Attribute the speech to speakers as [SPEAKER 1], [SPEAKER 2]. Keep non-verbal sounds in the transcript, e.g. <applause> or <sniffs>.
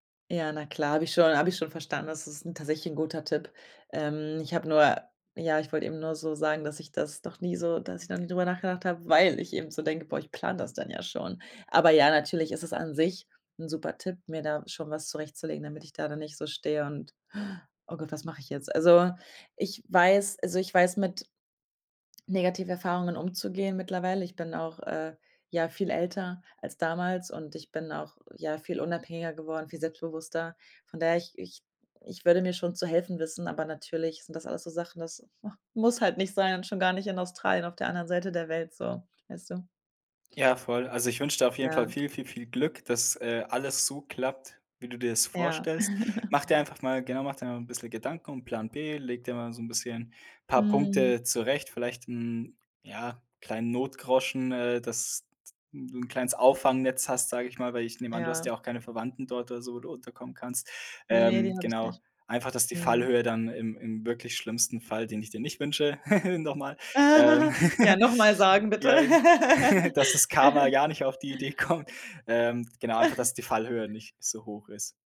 [SPEAKER 1] Ja, na klar, habe ich schon habe ich schon verstanden. Das ist tatsächlich 'n guter Tipp. Ähm, ich habe nur ja, ich wollt eben nur so sagen, dass ich das noch nie so dass ich noch nie drüber nachgedacht habe, weil ich eben so denke: „Boah, ich plane das dann ja schon.“ Aber ja, natürlich ist es an sich 'n super Tipp, mir da schon was zurechtzulegen, damit ich da dann nicht so stehe und <inhales> „Oh Gott, was mache ich jetzt?“ Also, ich weiß also ich weiß, mit Negativerfahrungen umzugehen mittlerweile. Ich bin auch, äh, ja, viel älter als damals und ich bin auch, ja, viel unabhängiger geworden, viel selbstbewusster. Von daher, ich ich ich würde mir schon zu helfen wissen, aber natürlich sind das alles so Sachen, das, ach, muss halt nicht sein und schon gar nicht in Australien auf der anderen Seite der Welt, so. Weißt du?
[SPEAKER 2] Ja,
[SPEAKER 1] <sniffs>
[SPEAKER 2] voll. Also ich wünsche dir auf jeden Fall
[SPEAKER 1] Ja.
[SPEAKER 2] viel, viel, viel Glück, dass, äh, alles so klappt, wie du dir das
[SPEAKER 1] Ja.
[SPEAKER 2] vorstellst.
[SPEAKER 1] <giggles>
[SPEAKER 2] Mach dir einfach mal genau, mach dir mal 'n bisschen Gedanken und Plan b, leg dir mal so 'n bisschen paar
[SPEAKER 1] Mhm.
[SPEAKER 2] Punkte zurecht, vielleicht mm, ja, kleinen Notgroschen, äh, dass d 'n du 'n kleines Auffangnetz hast, sage ich mal, weil ich nehme an, du hast
[SPEAKER 1] Ja.
[SPEAKER 2] ja auch keine Verwandten dort oder so, wo du unterkommen kannst.
[SPEAKER 1] Ne,
[SPEAKER 2] Ähm,
[SPEAKER 1] die hab ich
[SPEAKER 2] genau,
[SPEAKER 1] nicht.
[SPEAKER 2] einfach, dass die
[SPEAKER 1] Mhm.
[SPEAKER 2] Fallhöhe dann im im wirklich schlimmsten Fall, den ich dir nicht wünsche <giggles> noch mal
[SPEAKER 1] Ah,
[SPEAKER 2] ähm,
[SPEAKER 1] <giggles> Ja, nochmal
[SPEAKER 2] <giggles>
[SPEAKER 1] sagen, bitte.
[SPEAKER 2] ja, <giggles> dass das Karma
[SPEAKER 1] <laughs>
[SPEAKER 2] gar nicht auf die Idee kommt. Ähm, genau, einfach, dass die Fallhöhe
[SPEAKER 1] <giggles>
[SPEAKER 2] nicht so hoch ist.